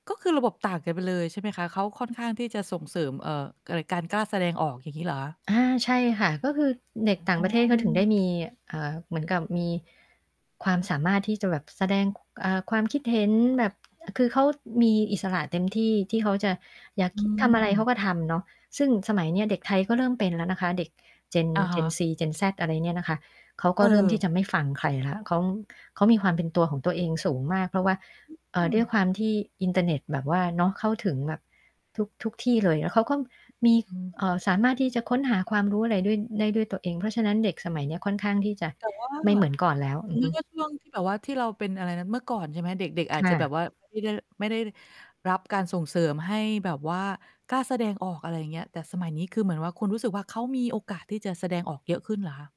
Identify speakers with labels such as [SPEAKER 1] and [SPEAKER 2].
[SPEAKER 1] ก็คือระบบต่างกันไปเลย ใช่ไหมคะ เขาค่อนข้างที่จะส่งเสริม เอ่อ ก การกล้าแสดงออก อย่างงี้เหรอคะ?
[SPEAKER 2] อา ใช่ค่ะ ก็คือเด็กต่
[SPEAKER 1] อ
[SPEAKER 2] า
[SPEAKER 1] ๋
[SPEAKER 2] งประเทศเขาถึงได
[SPEAKER 1] อ
[SPEAKER 2] ้มี เอ่อ เหมือนกับ มีความสามารถที่จะแบบแสดง ค เอ่อ ความคิดเห็นแบบ อ คือเขามีอิสระเต็มที่ ที่เขาจะอยาก
[SPEAKER 1] อ
[SPEAKER 2] คิดทำอะไร เข
[SPEAKER 1] ืม
[SPEAKER 2] าก็ทำเนาะ ซึ่งสมัยเนี้ยเด็กไทยก็เริ่มเป็นแล้วนะคะ เด็ก เจน
[SPEAKER 1] อะ
[SPEAKER 2] เ
[SPEAKER 1] ฮ
[SPEAKER 2] จน
[SPEAKER 1] ะ
[SPEAKER 2] ซี เจนแซด อะไรเนี่ยนะคะ เขาก็เริ่มที่
[SPEAKER 1] เออ
[SPEAKER 2] จะไม่ฟังใครแล้ว เขา เขามีความเป็นตัวของตัวเองสูงมาก เพราะว่า เอ
[SPEAKER 1] อ
[SPEAKER 2] ่
[SPEAKER 1] ื
[SPEAKER 2] อ ด
[SPEAKER 1] ม
[SPEAKER 2] ้วยความที่อินเทอร์เน็ตแบบว่า เนาะ เข้าถึงแบบทุก ๆ ที่เลย แล้วเขาก็มี
[SPEAKER 1] อืม
[SPEAKER 2] เอ่อ สามารถที่จะค้นหาความรู้อะไรด้วย ได้ด้วยตัวเอง เพราะฉะนั้น เด็กสมัยเนี้ยค่อนข้างที่จะ
[SPEAKER 1] แต่ว่า
[SPEAKER 2] ไม่เหมือนก่อนแล้ว
[SPEAKER 1] ส
[SPEAKER 2] อื
[SPEAKER 1] ม
[SPEAKER 2] อ
[SPEAKER 1] ม
[SPEAKER 2] ฮ
[SPEAKER 1] ต
[SPEAKER 2] ึ
[SPEAKER 1] ิว่าช่วงที่ แบบว่าที่เราเป็น อะไรนะ เมื่อก่อน ใช่ไหม เด็ก ๆ หรืออ
[SPEAKER 2] ค
[SPEAKER 1] าจ
[SPEAKER 2] ่
[SPEAKER 1] จะแบบ
[SPEAKER 2] ะ
[SPEAKER 1] ว่า ไม่ได้ ไม่ได้รับการส่งเสริมให้แบบว่ากล้าแสดงออก อะไรอย่างเงี้ย แต่สมัยนี้คือเหมือนว่าคุณรู้สึกว่า เขามีโอกาสที่จะแสดงออกเยอะขึ้นเหรอคะ?